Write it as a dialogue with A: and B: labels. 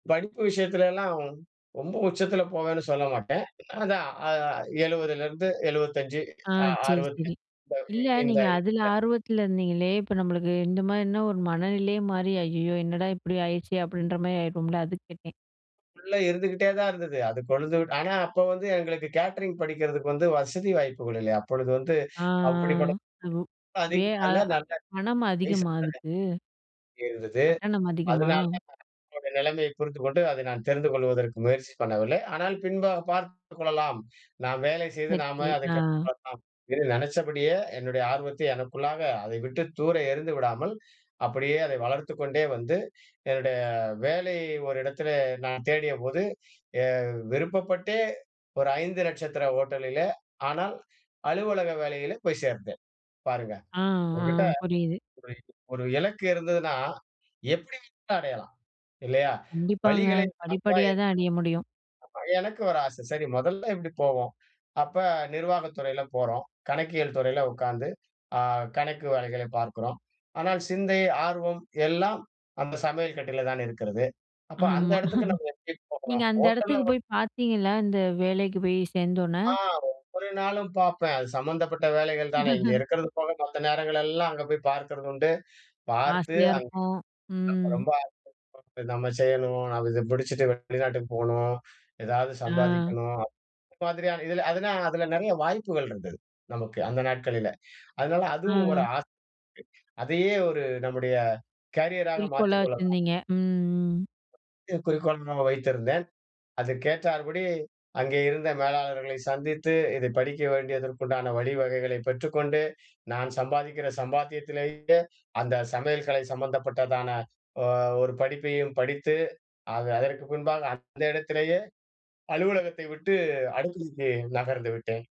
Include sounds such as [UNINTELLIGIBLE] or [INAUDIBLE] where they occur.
A: படிப்பு விஷயத்துலலாம் ரொம்ப உச்சத்தில போவேன்னு சொல்ல மாட்டேன். அதான் அ 70 லேருந்து 75
B: ஆ
A: அ
B: சரி,
A: 60த்தி
B: சரி.
A: இந்த
B: இல்ல,
A: இந்த
B: நீங்க அதில
A: இந்த, [UNINTELLIGIBLE]
B: ஆர்வத்தில இருந்தீங்களே, இப்ப நம்மளுக்கு இந்த மாரின்னா, ஒரு மனநிலையே மாறி, ஐயயோ! என்னடா இப்டி ஆயிட்ச்சே! அப்டின்ற மாரி ஆயிடும்ல அதுக் கேட்டேன்.
A: உள்ள இருந்துக்கிட்டே தான் இருந்தது. அது கொழுந்து விட் ஆனா அப்போ வந்து எங்களுக்கு கேட்டரிங் படிக்கிறதுக்கு வந்து வசதி வாய்ப்புகள் இல்லை. அப்பொழுது வந்து,
B: ஆ
A: அப்டிபட்ட
B: அ பு வே அதா பணம் அதிகமா
A: [UNINTELLIGIBLE]
B: அதுக்கு?
A: இருந்தது.
B: கட்டணம் அதிகமா?
A: அதுனால என்னோட நிலைமையைப் புரிந்துக்கொண்டு, அதை நான் தெரிந்து கொள்வதற்கு முயற்சி பண்ணவில்லை. ஆனால் பின்பாகப் பார்த்துக் கொள்ளலாம், நாம் வேலை செய்து
B: சரி,
A: நாமே
B: சரி.
A: அதைக் கற்றுக்
B: ஆ.
A: கொள்ளலாம் என்று நெனச்சபடியே, என்னுடைய ஆர்வத்தை எனக்குள்ளாக அதை விட்டுத் தூர எறிந்து விடாமல், அப்படியே அதை வளர்த்துக் கொண்டே வந்து, என்னுடைய வேலை ஒரு இடத்துலே நான் தேடியபோது, எ விருப்பப்பட்டே ஒரு 5 நட்சத்திர ஹோட்டலிலே, ஆனால் அலுவலக வேலையில, போய்ச் சேர்ந்தேன் பாருங்க.
B: ஆ, ஆ
A: உங்கட்ட
B: புரியுது.
A: ஒரு ஒரு இலக்கு இருந்ததுன்னா எப்டி வேணும்னாலும் அடையலாம். இல்லையா?
B: கண்டிப்பாங்க.
A: வழிகளை நாம் தான்
B: படிப்படியா தான் அடைய முடியும்.
A: ஏற்படுத்திக்கனும். ஆமா எனக்கு ஒரு ஆசை. சரி மொதல்ல இப்டி போவோம். அப்ப நிர்வாக துறையில போறோம். கணக்கியல் துறையில உக்காந்து அ கணக்கு வேலைகளை பார்க்கிறோம். ஆனால் சிந்தை, ஆர்வம் எல்லாம் அந்த சமையல் கட்டில தான் இருக்கிறது. அப்ப அந்த
B: ஆமா.
A: எடத்துக்கு நம்ம எப்டி
B: [CHUCKLES] நீங்க
A: போகலாம்?
B: அந்த
A: ஹோட்டல்
B: எடத்துக்கு
A: [UNINTELLIGIBLE]
B: போய் பாத்தீங்களா? இந்த வேலைக்கு போய் சேந்தோன்னே!
A: ஆ ஒவ்வொரு நாளும் பாப்பேன். அது சம்மந்தப்பட்ட வேலைகள் தானே, இங்கே
B: [CHUCKLES]
A: இருக்கிறது போக, மத்த நேரங்களெல்லாம் அங்க போய் பார்க்கிறது உண்டு. பார்த்து,
B: ஆசையா இருக்கும்,
A: அங்கே
B: ம்.
A: ரொம்ப ஆசை [UNINTELLIGIBLE] இது நம்ம செய்யணும், நம்ம இத பிடிச்சுட்டு வெளிநாட்டுக்கு போணும், எதாவது
B: ஆ.
A: சம்பாதிக்கணும், இது மாதிரியான, இதில அதுனா அதில நெறைய வாய்ப்புகள் இருந்தது நமக்கு அந்த நாட்களில. அதனால அதுவும்
B: ஆ.
A: ஒரு ஆசை. அதையே ஒரு நம்முடைய கேரியராக
B: குறிக்கோளா
A: மாற்றிக் கொள்ளலாம்,
B: வச்சிருந்தீங்க, ம் ம்.
A: முக்கிய குறிக்கோளாக வைத்திருந்தேன். அதுக்கேற்றார்படி அங்கே இருந்த மேலாளர்களை சந்தித்து, இதை படிக்க வேண்டியதற்கு உண்டான வழிவகைகளைப் பெற்றுக்கொண்டு, நான் சம்பாதிக்கிற சம்பாத்தியத்திலேயே அந்த சமையல்கலை சம்பந்தப்பட்டதான ஒ ஒரு படிப்பையும் படித்து, அத அதற்கு பின்பாக அந்த இடத்திலேயே அலுவலகத்தை விட்டு, அடுக்களைக்கு நகர்ந்துவிட்டேன்.